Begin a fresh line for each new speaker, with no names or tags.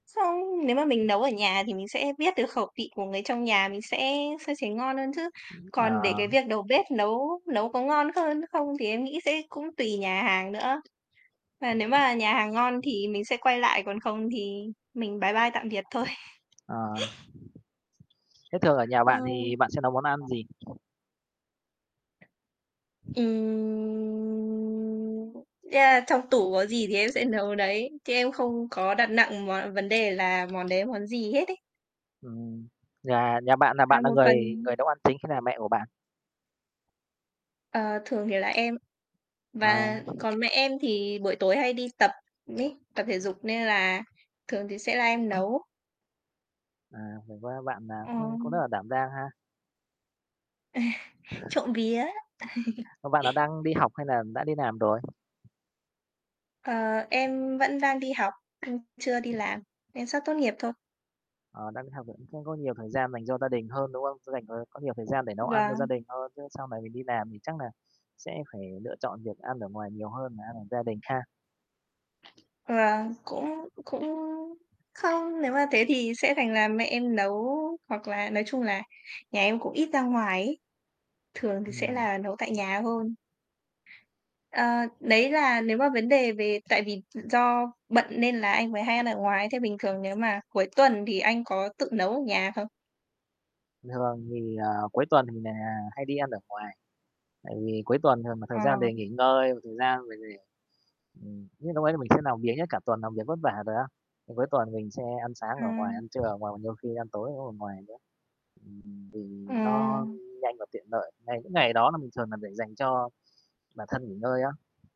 Không, nếu mà mình nấu ở nhà thì mình sẽ biết được khẩu vị của người trong nhà, mình sẽ sẽ thấy ngon hơn chứ. Còn để cái
[unintelligible]
việc đầu bếp nấu nấu có ngon hơn không thì em nghĩ sẽ cũng tùy nhà hàng nữa. Và nếu mà nhà hàng ngon thì mình sẽ quay lại, còn không thì mình bái bai, tạm biệt thôi.
Ờ. Thế thường ở nhà
Ờ.
bạn thì bạn sẽ nấu món ăn gì?
Ừm, yeah, trong tủ có gì thì em sẽ nấu đấy, chứ em không có đặt nặng món vấn đề là món đấy là món gì hết ấy.
Ừm, nhà nhà bạn là
À,
bạn nà
một phần
người người nấu ăn chính hay nà mẹ của bạn?
Ờ, thường thì là em và
À.
còn mẹ em thì buổi tối hay đi tập ấy, tập thể dục nên là thường thì sẽ là em nấu.
À, vậy va bạn, à,
Ờ.
ưm, cũng rất là đảm đang ha?
Trộm vía.
Ờ, bạn nà đang đi học hay nà đã đi làm rồi?
Ờ, em vẫn đang đi học, ư, chưa đi làm, em sắp tốt nghiệp thôi.
Ờ, đang đi học thì cũng không có nhiều thời gian dành cho gia đình hơn, đúng không? Sẽ dành, ờ có nhiều thời gian để nấu ăn cho gia
Vâng.
đình hơn, chứ sau này mình đi làm thì chắc nà sẽ phải lựa chọn việc ăn ở ngoài nhiều hơn nà ăn ở gia đình ha?
Vâng, cũng cũng không, nếu mà thế thì sẽ thành là mẹ em nấu, hoặc là nói chung là nhà em cũng ít ra ngoài ấy, thường thì sẽ
Ừm.
là nấu tại nhà hơn. Ờ, đấy là nếu mà vấn đề về tại vì do bận nên là anh mới hay ăn ở ngoài. Thế bình thường nếu mà cuối tuần thì anh có tự nấu ở nhà không?
Bình thường thì, à, cuối tuần thì nà hay đi ăn ở ngoài, tại vì cuối tuần thường nà thời
Ờ.
gian để nghỉ ngơi, và thời gian mình để ừm, những núc ấy mình sẽ làm biếng nhất, cả tuần làm việc vất vả rồi á, ừm, cuối tuần mình sẽ ăn sáng ở ngoài,
Ừm.
ăn trưa ở ngoài, và nhiều khi ăn tối [unintelligible] ở ngoài nữa. Ừm, vì
Ồ.
nó nhanh và tiện lợi. Ngày những ngày đó nà mình thường nà để dành cho bản thân nghỉ ngơi á.